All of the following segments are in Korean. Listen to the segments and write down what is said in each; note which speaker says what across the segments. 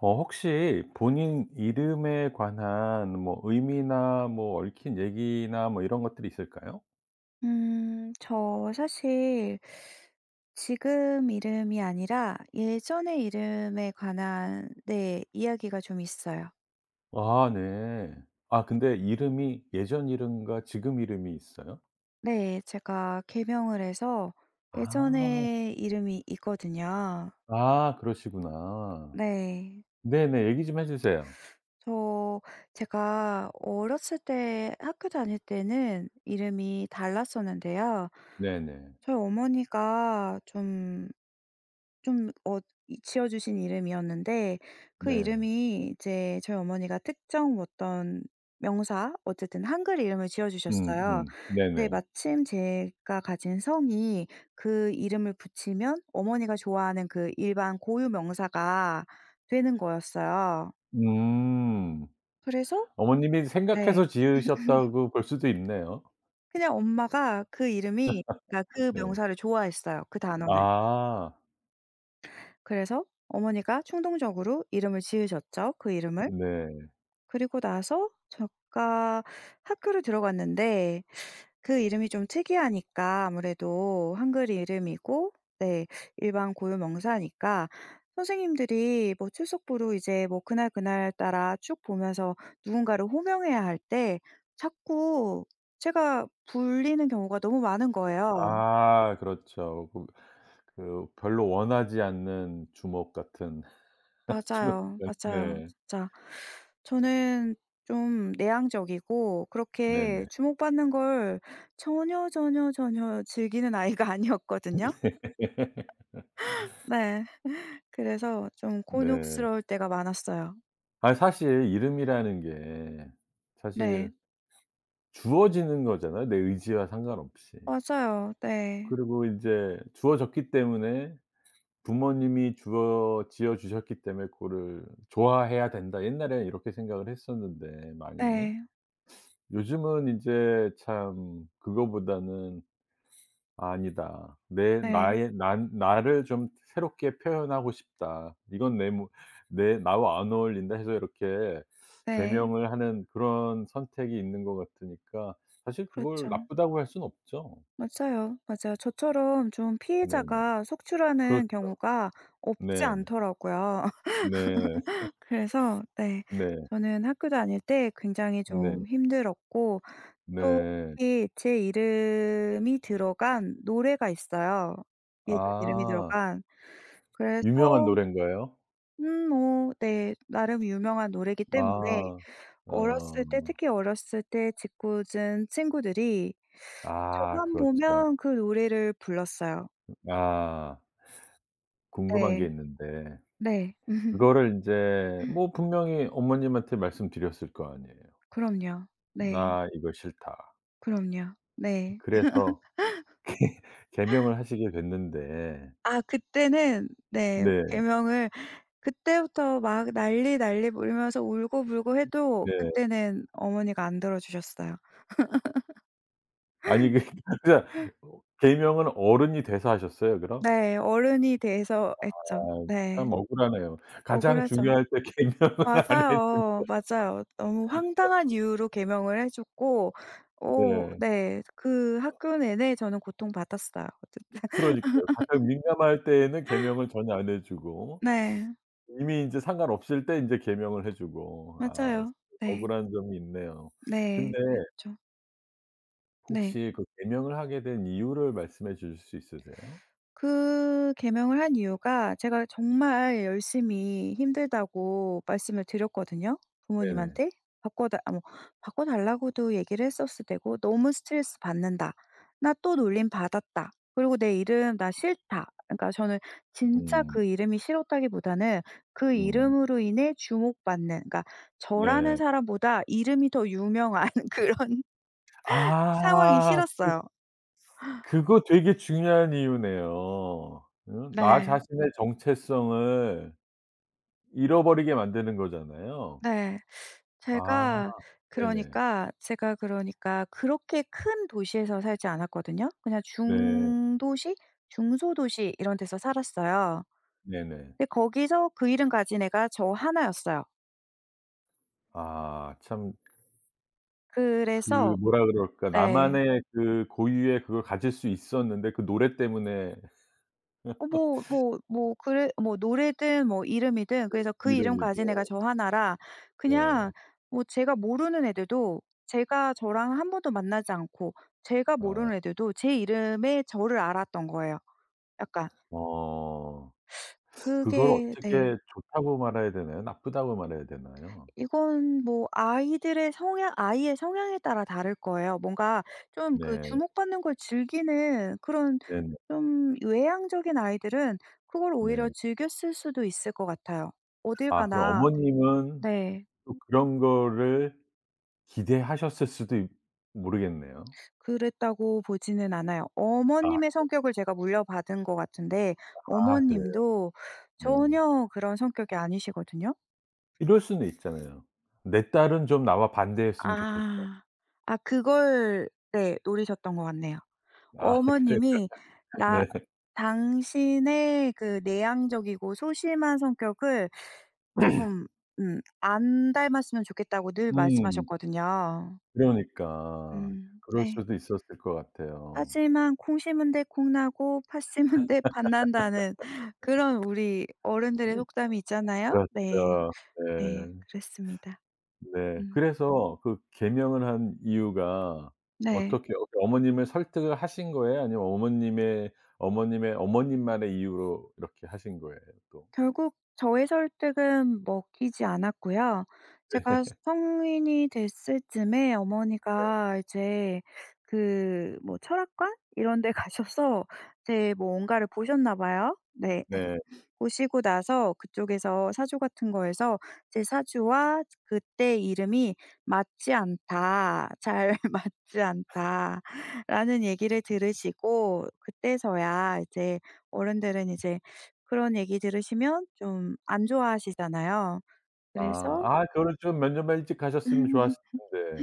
Speaker 1: 어 혹시 본인 이름에 관한 뭐 의미나 뭐 얽힌 얘기나 뭐 이런 것들이 있을까요?
Speaker 2: 음, 저 사실 지금 이름이 아니라 예전의 이름에 관한 네, 이야기가 좀 있어요.
Speaker 1: 아, 네. 아 근데 이름이 예전 이름과 지금 이름이 있어요?
Speaker 2: 네, 제가 개명을 해서
Speaker 1: 아.
Speaker 2: 예전의 이름이 있거든요.
Speaker 1: 아, 그러시구나.
Speaker 2: 네.
Speaker 1: 네네 얘기 좀 해 주세요.
Speaker 2: 저 제가 어렸을 때 학교 다닐 때는 이름이 달랐었는데요.
Speaker 1: 네네.
Speaker 2: 저희 어머니가 좀 좀 어 이 지어 주신 이름이었는데 그
Speaker 1: 네.
Speaker 2: 이름이 이제 저희 어머니가 특정 어떤 명사, 어쨌든 한글 이름을 지어
Speaker 1: 음.
Speaker 2: 주셨어요.
Speaker 1: 음.
Speaker 2: 근데
Speaker 1: 네네.
Speaker 2: 마침 제가 가진 성이 그 이름을 붙이면 어머니가 좋아하는 그 일반 고유명사가 되는 거였어요.
Speaker 1: 음.
Speaker 2: 그래서
Speaker 1: 어머님이 생각해서
Speaker 2: 네.
Speaker 1: 지으셨다고 볼 수도 있네요.
Speaker 2: 그냥 엄마가 그 이름이 그니까 그
Speaker 1: 네.
Speaker 2: 명사를 좋아했어요. 그 단어를.
Speaker 1: 아.
Speaker 2: 그래서 어머니가 충동적으로 이름을 지으셨죠. 그 이름을.
Speaker 1: 네.
Speaker 2: 그리고 나서 제가 학교를 들어갔는데 그 이름이 좀 특이하니까 아무래도 한글 이름이고 네, 일반 고유명사니까 선생님들이 뭐 출석부로 이제 뭐 그날 그날따라 쭉 보면서 누군가를 호명해야 할 때 자꾸 제가 불리는 경우가 너무 많은 거예요.
Speaker 1: 아, 그렇죠. 그 그 별로 원하지 않는 주목 같은 주목
Speaker 2: 맞아요,
Speaker 1: 같
Speaker 2: 맞아요,
Speaker 1: 네.
Speaker 2: 진짜. 저는 좀 내향적이고 그렇게
Speaker 1: 네네.
Speaker 2: 주목받는 걸 전혀 전혀 전혀 즐기는 아이가 아니었거든요. 네, 그래서 좀
Speaker 1: 네.
Speaker 2: 곤욕스러울 때가 많았어요.
Speaker 1: 아이 사실 이름이라는 게 사실
Speaker 2: 네.
Speaker 1: 주어지는 거잖아요 내 의지와 상관없이.
Speaker 2: 맞아요, 네.
Speaker 1: 그리고 인제 주어졌기 때문에 부모님이 주어 지어 주셨기 때문에 그거를 좋아해야 된다. 옛날엔 이렇게 생각을 했었는데 많이.
Speaker 2: 네.
Speaker 1: 요즘은 인제 참 그거보다는. "아니다. 내
Speaker 2: 네.
Speaker 1: 나의 난 나를 좀 새롭게 표현하고 싶다. 이건 내 뭐 내 나와 안 어울린다." 해서 이렇게
Speaker 2: 네.
Speaker 1: 개명을 하는 그런 선택이 있는 거 같으니까 사실 그걸
Speaker 2: 그렇죠.
Speaker 1: 나쁘다고 할 순 없죠.
Speaker 2: 맞아요, 맞아요. 저처럼 좀
Speaker 1: 네네.
Speaker 2: 피해자가
Speaker 1: 그렇죠.
Speaker 2: 속출하는 경우가 없지
Speaker 1: 네네.
Speaker 2: 않더라고요.
Speaker 1: 네.
Speaker 2: 그래서 네,
Speaker 1: 네.
Speaker 2: 저는 학교 다닐 때 굉장히
Speaker 1: 네.
Speaker 2: 좀 힘들었고 또
Speaker 1: 네.
Speaker 2: 특히 제 이름이 들어간 노래가 있어요. 얘들 이름이
Speaker 1: 아.
Speaker 2: 들어간. 그래서
Speaker 1: 유명한 노래인가요?
Speaker 2: 음 뭐 네, 나름 유명한 노래이기 때문에
Speaker 1: 아.
Speaker 2: 어렸을 때
Speaker 1: 어.
Speaker 2: 특히 어렸을 때 짖궂은 친구들이
Speaker 1: 아
Speaker 2: 저만
Speaker 1: 그렇죠.
Speaker 2: 보면 그 노래를 불렀어요.
Speaker 1: 아. 궁금한 게
Speaker 2: 네.
Speaker 1: 있는데.
Speaker 2: 네.
Speaker 1: 그거를 인제 뭐 분명히 어머님한테 말씀드렸을 거 아니에요.
Speaker 2: 그럼요. 네.
Speaker 1: 나 이거 싫다.
Speaker 2: 그럼요. 네.
Speaker 1: 그래서 개 개명을 하시게 됐는데
Speaker 2: 아, 그때는 네,
Speaker 1: 네.
Speaker 2: 개명을 그때부터 막 난리난리 울면서 울고불고 해도
Speaker 1: 네.
Speaker 2: 그때는 어머니가 안 들어주셨어요.
Speaker 1: 아니 그 그니까 개명은 어른이 돼서 하셨어요, 그럼?
Speaker 2: 네, 어른이 돼서 했죠.
Speaker 1: 아
Speaker 2: 네.
Speaker 1: 참 억울하네요. 가장
Speaker 2: 억울하죠.
Speaker 1: 중요할 때 개명을 안 했는데
Speaker 2: 맞아요, 맞아요. 너무 황당한 이유로 개명을 해줬고 어
Speaker 1: 네.
Speaker 2: 네, 그
Speaker 1: 어.
Speaker 2: 학교 내내 저는 고통받았어요, 어쨌든.
Speaker 1: 그러니까요. 가장 민감할 때에는 개명을 전혀 안 해주고,
Speaker 2: 네.
Speaker 1: 이미 인제 상관없을 때 인제 개명을 해주고. 아,
Speaker 2: 맞아요. 네.
Speaker 1: 억울한 점이 있네요.
Speaker 2: 네,
Speaker 1: 근데
Speaker 2: 그랬죠. 네.
Speaker 1: 혹시 그 개명을 하게 된 이유를 말씀해 주실 수 있으세요?
Speaker 2: 그 개명을 한 이유가 제가 정말 열심히 힘들다고 말씀을 드렸거든요?
Speaker 1: 네네.
Speaker 2: 부모님한테. 바꿔 달 아 뭐 바꿔달라고도 얘기를 했었을 때고 "너무 스트레스받는다. 나 또 놀림받았다. 그리고 내 이름 나 싫다." 그니까 저는 진짜
Speaker 1: 음.
Speaker 2: 그 이름이 싫었다기보다는 그
Speaker 1: 음.
Speaker 2: 이름으로 인해 주목받는 그러니까 저라는
Speaker 1: 네.
Speaker 2: 사람보다 이름이 더 유명한 그런 상황이
Speaker 1: 아 그
Speaker 2: 싫었어요.
Speaker 1: 그거 되게 중요한 이유네요. 어 나
Speaker 2: 네.
Speaker 1: 자신의 정체성을 잃어버리게 만드는 거잖아요.
Speaker 2: 네,
Speaker 1: 아
Speaker 2: 제가
Speaker 1: 네네.
Speaker 2: 그러니까 제가 그러니까 그렇게 큰 도시에서 살지 않았거든요. 그냥
Speaker 1: 네.
Speaker 2: 중도시 중소도시 이런 데서 살았어요.
Speaker 1: 네네.
Speaker 2: 근데 거기서 그 이름 가진 애가 저 하나였어요.
Speaker 1: 아, 참 그
Speaker 2: 그래서
Speaker 1: 뭐라 그럴까.
Speaker 2: 네.
Speaker 1: 나만의 그 고유의 그걸 가질 수 있었는데 그 노래 때문에
Speaker 2: 어 뭐 뭐 뭐 그래 뭐 노래든 뭐 이름이든
Speaker 1: 네.
Speaker 2: 그래서 그 이름 가진 애가
Speaker 1: 이름이죠.
Speaker 2: 저 하나라
Speaker 1: 네.
Speaker 2: 그냥 뭐 제가 모르는 애들도 제가 저랑 1 번도 만나지 않고 제가
Speaker 1: 아.
Speaker 2: 모르는 애들도 제 이름의 저를 알았던 거예요, 약간.
Speaker 1: 어. 그걸
Speaker 2: 그게 네.
Speaker 1: 어떻게 좋다고 말해야 되나요, 나쁘다고 말해야 되나요?
Speaker 2: 이건 뭐 아이들의 성향 아이의 성향에 따라 다를 거예요. 뭔가 좀 그
Speaker 1: 네.
Speaker 2: 주목받는 걸 즐기는 그런
Speaker 1: 네네.
Speaker 2: 좀 외향적인 아이들은 그걸 오히려
Speaker 1: 네.
Speaker 2: 즐겼을 수도 있을 것 같아요. 어딜
Speaker 1: 아, 그럼
Speaker 2: 가나
Speaker 1: 어머님은
Speaker 2: 네.
Speaker 1: 또 그런 거를 기대하셨을 수도 있 모르겠네요.
Speaker 2: 그랬다고 보지는 않아요.
Speaker 1: 아
Speaker 2: 어머님의
Speaker 1: 네.
Speaker 2: 성격을 제가 물려받은 것 같은데
Speaker 1: 아 그래요.
Speaker 2: 어머님도
Speaker 1: 네.
Speaker 2: 전혀 그런 성격이 아니시거든요.
Speaker 1: 이럴 수는 있잖아요. '내 딸은 좀 나와 반대였으면 좋겠다.'
Speaker 2: 아. 아 그걸 네 노리셨던 것 같네요.
Speaker 1: 아, 그래요.
Speaker 2: 어머님이 나
Speaker 1: 네.
Speaker 2: 당신의 그 내향적이고 소심한 성격을 좀 음 안 닮았으면 좋겠다고 늘
Speaker 1: 음.
Speaker 2: 말씀하셨거든요.
Speaker 1: 그러니까.
Speaker 2: 음
Speaker 1: 그럴
Speaker 2: 네.
Speaker 1: 수도 있었을 것 같아요.
Speaker 2: 하지만 '콩 심은 데 콩 나고 팥 심은 데 팥 난다.'는 그런 우리 어른들의 속담이 있잖아요? 네
Speaker 1: 그러니까요. 그렇죠.
Speaker 2: 네,
Speaker 1: 네.
Speaker 2: 그랬습니다.
Speaker 1: 네,
Speaker 2: 음.
Speaker 1: 그래서 그 개명을 한 이유가
Speaker 2: 네.
Speaker 1: 어떻게 어 어머님을 설득을 하신 거예요, 아니면 어머님의 어머님의 어머님만의 이유로 이렇게 하신 거예요, 또?
Speaker 2: 결국 저의 설득은 먹히지 않았고요. 제가
Speaker 1: 네.
Speaker 2: 성인이 됐을 쯤에
Speaker 1: 네.
Speaker 2: 어머니가 이제 그 뭐 철학관 이런 데 가셔서 제 뭔가를 보셨나 봐요. 네.
Speaker 1: 네.
Speaker 2: 보시고 나서 그쪽에서 사주 같은 거에서 "제 사주와 저 그때 이름이 맞지 않다. 잘 맞지 않다."라는 얘기를 들으시고 그때서야 이제 어른들은 이제 그런 얘기 들으시면 좀 안 좋아하시잖아요.
Speaker 1: 아.
Speaker 2: 그래서
Speaker 1: 아, 그거 좀 몇 년만 일찍 가셨으면 좋았을 텐데.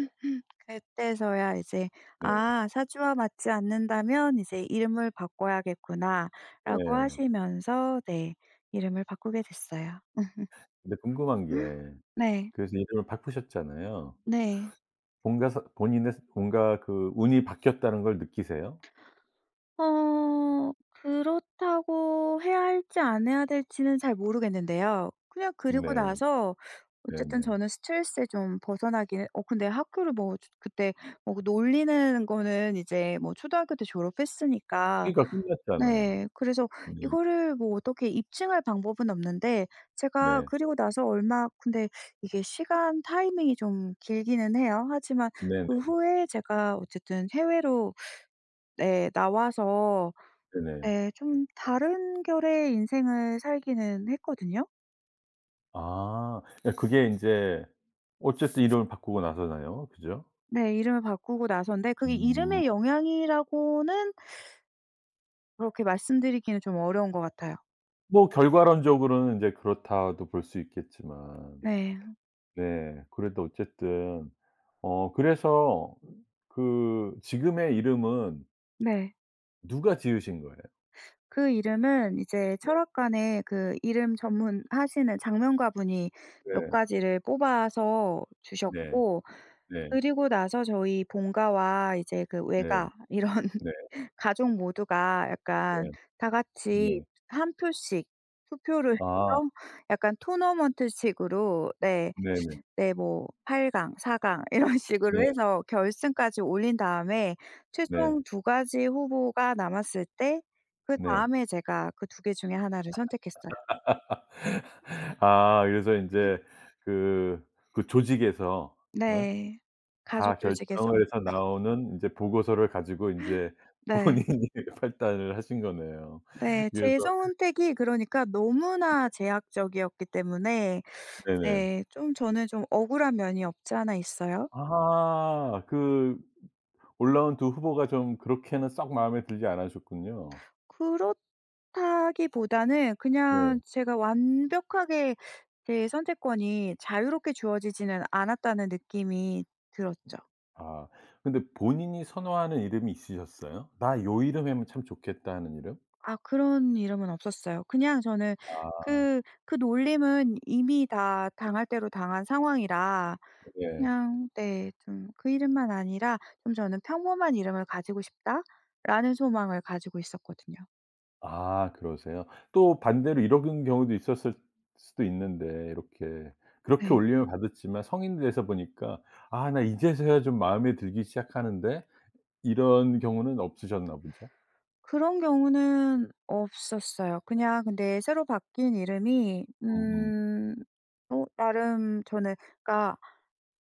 Speaker 2: 그때서야 이제
Speaker 1: 네.
Speaker 2: "아 사주와 맞지 않는다면 이제 이름을 바꿔야겠구나."라고
Speaker 1: 네.
Speaker 2: 하시면서 네 이름을 바꾸게 됐어요.
Speaker 1: 근데 궁금한 게
Speaker 2: 네.
Speaker 1: 그래서 이름을 바꾸셨잖아요.
Speaker 2: 네.
Speaker 1: 본가 서 본인의 서 본가 그 운이 바뀌었다는 걸 느끼세요?
Speaker 2: 어 그렇다고 해야 할지 안 해야 될지는 잘 모르겠는데요. 그냥 그리고
Speaker 1: 네.
Speaker 2: 나서 어쨌든
Speaker 1: 네네.
Speaker 2: 저는 스트레스에 좀 벗어나기는 어 근데 학교를 뭐 저 그때 뭐 그 놀리는 거는 이제 뭐 초등학교 때 졸업했으니까
Speaker 1: 그러니까 끝났잖아요.
Speaker 2: 네 그래서
Speaker 1: 네.
Speaker 2: 이거를 뭐 어떻게 입증할 방법은 없는데 제가
Speaker 1: 네.
Speaker 2: 그리고 나서 얼마 근데 이게 시간 타이밍이 좀 길기는 해요. 하지만
Speaker 1: 네네.
Speaker 2: 그 후에 제가 어쨌든 해외로 네 나와서
Speaker 1: 네네.
Speaker 2: 네 좀 다른 결의 인생을 살기는 했거든요.
Speaker 1: 아, 그러니까 그게 인제 어쨌든 이름을 바꾸고 나서잖아요. 그죠?
Speaker 2: 네, 이름을 바꾸고 나선데 그게 이름의
Speaker 1: 음.
Speaker 2: 영향이라고는 그렇게 말씀드리기는 좀 어려운 것 같아요.
Speaker 1: 뭐 결과론적으로는 인제 그렇다고도 볼 수 있겠지만.
Speaker 2: 네.
Speaker 1: 네, 그래도 어쨌든 어 그래서 그 지금의 이름은
Speaker 2: 네.
Speaker 1: 누가 지으신 거예요?
Speaker 2: 그 이름은 이제
Speaker 1: 네.
Speaker 2: 철학관에 그 이름 전문하시는 작명가분이 몇
Speaker 1: 네.
Speaker 2: 가지를 뽑아서
Speaker 1: 네.
Speaker 2: 주셨고
Speaker 1: 네.
Speaker 2: 그리고 나서 저희 본가와 이제 그
Speaker 1: 네.
Speaker 2: 외가 이런
Speaker 1: 네.
Speaker 2: 가족 모두가 약간
Speaker 1: 네.
Speaker 2: 다같이
Speaker 1: 네.
Speaker 2: 한 표씩 투표를
Speaker 1: 아.
Speaker 2: 해서 약간 토너먼트식으로 네
Speaker 1: 네네.
Speaker 2: 네 뭐 8 강, 4 강 이런식으로
Speaker 1: 네.
Speaker 2: 해서 결승까지 올린 다음에
Speaker 1: 네.
Speaker 2: 최종 두가지 후보가 남았을 때
Speaker 1: 네.
Speaker 2: 그다음에 제가 그 두개 중에 하나를 선택했어요.
Speaker 1: 아 그래서 인제 그 그 조직에서 예
Speaker 2: 네,
Speaker 1: 다
Speaker 2: 가족 조직에서.
Speaker 1: 결정을 해서 나오는 이제 보고서를 가지고 인제
Speaker 2: 네.
Speaker 1: 본인이 판단을 하신 거네요.
Speaker 2: 네, 제
Speaker 1: 그래서
Speaker 2: 선택이 그러니까 너무나 제약적이었기 때문에
Speaker 1: 네네.
Speaker 2: 네, 좀 저는 좀 억울한 면이 없지 않아 있어요.
Speaker 1: 아 그 올라온 두 후보가 좀 그렇게는 썩 마음에 들지 않으셨군요.
Speaker 2: 그렇다기보다는 그냥
Speaker 1: 네.
Speaker 2: 제가 완벽하게 제 선택권이 자유롭게 주어지지는 않았다는 느낌이 들었죠.
Speaker 1: 아, 근데 본인이 선호하는 이름이 있으셨어요? '나 요 이름이면 참 좋겠다' 하는 이름?
Speaker 2: 아, 그런 이름은 없었어요. 그냥 저는
Speaker 1: 아.
Speaker 2: 그 그 놀림은 이미 다 당할 대로 당한 상황이라
Speaker 1: 예.
Speaker 2: 그냥 네, 좀 그 이름만 아니라 좀 저는 '평범한 이름을 가지고 싶다.'라는 소망을 가지고 있었거든요.
Speaker 1: 아 그러세요. 또 반대로 이런 경 경우도 있었을 수도 있는데 이렇게 그렇게
Speaker 2: 네.
Speaker 1: 놀림을 받았지만 성인 돼서 보니까 '아 나 이제서야 좀 마음에 들기 시작하는데.' 이런 경우는 없으셨나 보죠.
Speaker 2: 그런 경우는 없었어요. 그냥 근데 새로 바뀐 이름이
Speaker 1: 음음.
Speaker 2: 음 어 나름 저는 그니까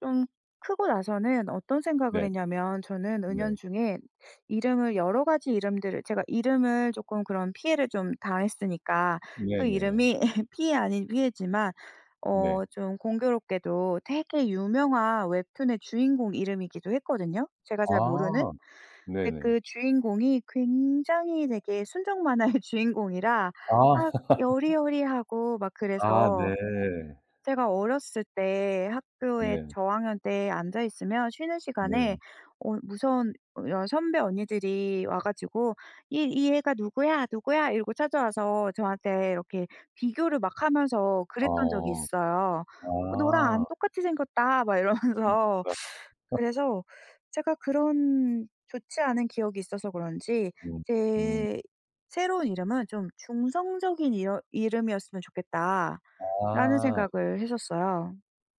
Speaker 2: 좀 크고 나서는 어떤 생각을
Speaker 1: 네.
Speaker 2: 했냐면 저는
Speaker 1: 네.
Speaker 2: 은연중에 이름을 여러 가지 이름들을 제가 이름을 쪼끔 그런 피해를 좀 당했으니까 그
Speaker 1: 네네.
Speaker 2: 이름이 피해 아닌 피해지만 어
Speaker 1: 네.
Speaker 2: 좀 공교롭게도 되게 유명한 웹툰의 주인공 이름이기도 했거든요, 제가 잘 모르는.
Speaker 1: 아
Speaker 2: 근데
Speaker 1: 네네.
Speaker 2: 그 주인공이 굉장히 되게 순정만화의 주인공이라
Speaker 1: 아.
Speaker 2: 막 여리여리하고 막
Speaker 1: 아
Speaker 2: 그래서
Speaker 1: 네.
Speaker 2: 제가 어렸을 때 학교에
Speaker 1: 네.
Speaker 2: 저학년 때 앉아있으면 쉬는 시간에
Speaker 1: 네.
Speaker 2: 어 무서운 여 선배 언니들이 와 가지고 "이 이 애가 누구야? 누구야?" 이러고 찾아와서 저한테 이렇게 비교를 막 하면서 그랬던 적이
Speaker 1: 어.
Speaker 2: 있어요. "너랑
Speaker 1: 아.
Speaker 2: 안 똑같이 생겼다." 막
Speaker 1: 음
Speaker 2: 이러면서
Speaker 1: 아 하.
Speaker 2: 그래서 제가 그런 좋지 않은 기억이 있어서 그런지
Speaker 1: 음 음.
Speaker 2: 제 '새로운 이름은 좀 중성적인 이러 이름이었으면 좋겠다.'라는
Speaker 1: 아.
Speaker 2: 생각을 했었어요.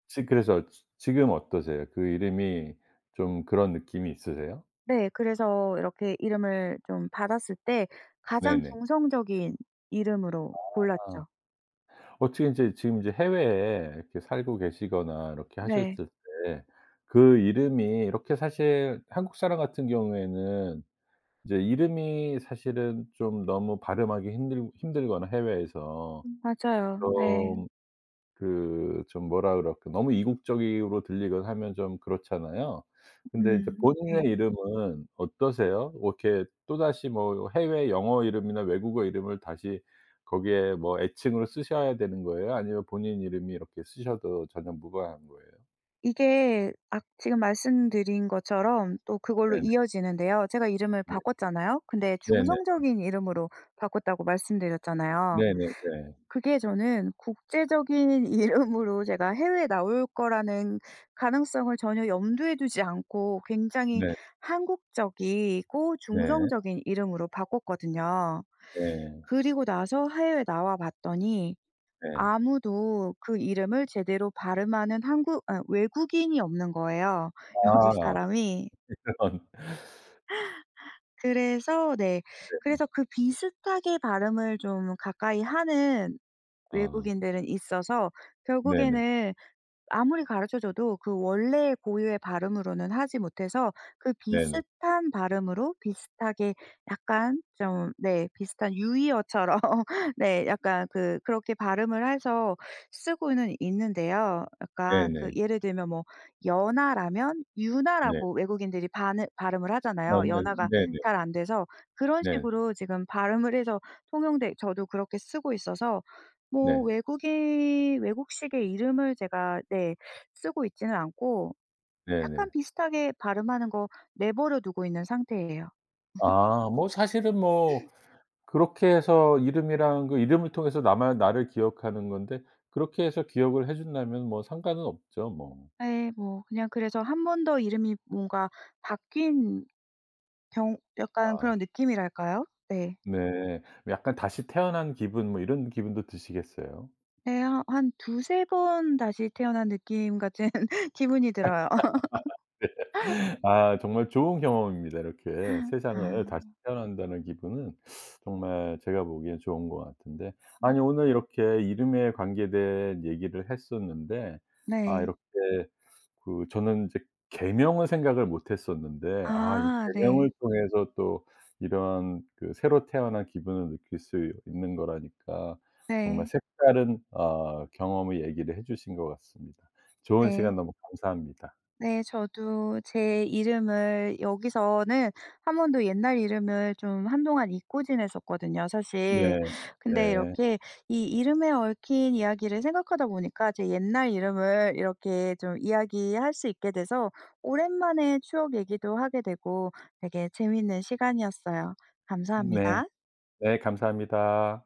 Speaker 1: 지 그래서 지 지금 어떠세요? 그 이름이 좀 그런 느낌이 있으세요?
Speaker 2: 네 그래서 이렇게 이름을 좀 받았을 때 가장
Speaker 1: 네네.
Speaker 2: 중성적인 이름으로
Speaker 1: 아.
Speaker 2: 골랐죠.
Speaker 1: 어떻게 이제 지금 이제 해외에 이렇게 살고 계시거나 이렇게
Speaker 2: 네.
Speaker 1: 하셨을 때 그 이름이 이렇게 사실 한국 사람 같은 경우에는 이제 이름이 사실은 좀 너무 발음하기 힘들 힘들거나 해외에서
Speaker 2: 맞아요. 네.
Speaker 1: 좀 그 좀 뭐라 그럴까 너무 이국적으로 들리거나 하면 좀 그렇잖아요. 근데 이제
Speaker 2: 음
Speaker 1: 본인의
Speaker 2: 네.
Speaker 1: 이름은 어떠세요? 뭐 이렇게 또다시 뭐 해외 영어 이름이나 외국어 이름을 다시 거기에 뭐 애칭으로 쓰셔야 되는 거예요? 아니면 본인 이름이 이렇게 쓰셔도 전혀 무관한 거예요?
Speaker 2: 이게 악 지금 말씀드린 것처럼 또 그걸로
Speaker 1: 네네.
Speaker 2: 이어지는데요. 제가 이름을
Speaker 1: 네.
Speaker 2: 바꿨잖아요. 근데
Speaker 1: 네네 네.
Speaker 2: 중성적인 이름으로 바꿨다고 말씀드렸잖아요.
Speaker 1: 네네 네.
Speaker 2: 그게 저는 국제적인 이름으로 제가 해외에 나올 거라는 가능성을 전혀 염두에 두지 않고 굉장히
Speaker 1: 네.
Speaker 2: 한국적이고
Speaker 1: 네.
Speaker 2: 중성적인 이름으로 바꿨거든요.
Speaker 1: 네.
Speaker 2: 그리고 나서 해외에 나와봤더니
Speaker 1: 네.
Speaker 2: 아무도 그 이름을 제대로 발음하는 한국 아 외국인이 없는 거예요, 여기
Speaker 1: 아.
Speaker 2: 사람이.
Speaker 1: 이런.
Speaker 2: 그래서 네.
Speaker 1: 네 네.
Speaker 2: 그래서 그 비슷하게 발음을 좀 가까이 하는
Speaker 1: 아.
Speaker 2: 외국인들은 있어서
Speaker 1: 네네.
Speaker 2: 결국에는 아무리 가르쳐줘도 그 원래의 고유의 발음으로는 하지 못해서 그
Speaker 1: 네네.
Speaker 2: 비슷한 발음으로 비슷하게 약간 좀 네, 비슷한 유의어처럼 네, 약간 그 그렇게 발음을 해서 쓰고는 있는데요. 약간 그
Speaker 1: 네네.
Speaker 2: 예를 들면 뭐 연아라면
Speaker 1: 네.
Speaker 2: 윤아라고 외국인들이 반을 발음을
Speaker 1: 아
Speaker 2: 하잖아요.
Speaker 1: 네
Speaker 2: 연아가
Speaker 1: 네네.
Speaker 2: 잘 안 돼서. 그런
Speaker 1: 네.
Speaker 2: 식으로 지금 발음을 해서 통용된 저도 그렇게 쓰고 있어서 뭐
Speaker 1: 네.
Speaker 2: 외국인 외국식의 이름을 제가 네, 쓰고 있지는 않고 약간
Speaker 1: 네네.
Speaker 2: 비슷하게 발음하는 거 내버려 두고 있는 상태예요.
Speaker 1: 아 뭐 사실은 뭐 그렇게 해서 이름이랑 그 이름을 통해서 나만 나를 기억하는 건데 그렇게 해서 기억을 해준다면 뭐 상관은 없죠, 뭐.
Speaker 2: 예 뭐 그냥 그래서 한번 더 이름이 뭔가 바뀐 경 약간
Speaker 1: 아.
Speaker 2: 그런 느낌이랄까요? 네.
Speaker 1: 네. 약간 다시 태어난 기분 뭐 이런 기분도 드시겠어요.
Speaker 2: 네 하 한 2-3 번 다시 태어난 느낌 같은 기분이 들어요.
Speaker 1: 네. 아 정말 좋은 경험입니다. 이렇게 세상을 다시
Speaker 2: 아.
Speaker 1: 태어난다는 기분은 정말 제가 보기엔 좋은 것 같은데 아니 오늘 이렇게 이름에 관계된 얘기를 했었는데 아
Speaker 2: 네.
Speaker 1: 이렇게 그 저는 이제 개명을 생각을 못 했었는데 아 이
Speaker 2: 아
Speaker 1: 개명을
Speaker 2: 네.
Speaker 1: 통해서 또 이런 그 새로 태어난 기분을 느낄 수 있는 거라니까 정말
Speaker 2: 네.
Speaker 1: 색다른 아 경험을 얘기를 해 주신 것 같습니다. 좋은
Speaker 2: 네.
Speaker 1: 시간 너무 감사합니다.
Speaker 2: 네 저도 제 이름을 여기서는 한 번도 옛날 이름을 좀 한동안 잊고 지냈었거든요,
Speaker 1: 네.
Speaker 2: 사실. 근데
Speaker 1: 네.
Speaker 2: 이렇게 이 이름에 얽힌 이야기를 생각하다 보니까 제 옛날 이름을 이렇게 좀 이야기할 수 있게 돼서 오랜만에 추억 얘기도 하게 되고 되게 재미있는 시간이었어요.
Speaker 1: 네.
Speaker 2: 감사합니다.
Speaker 1: 네 감사합니다.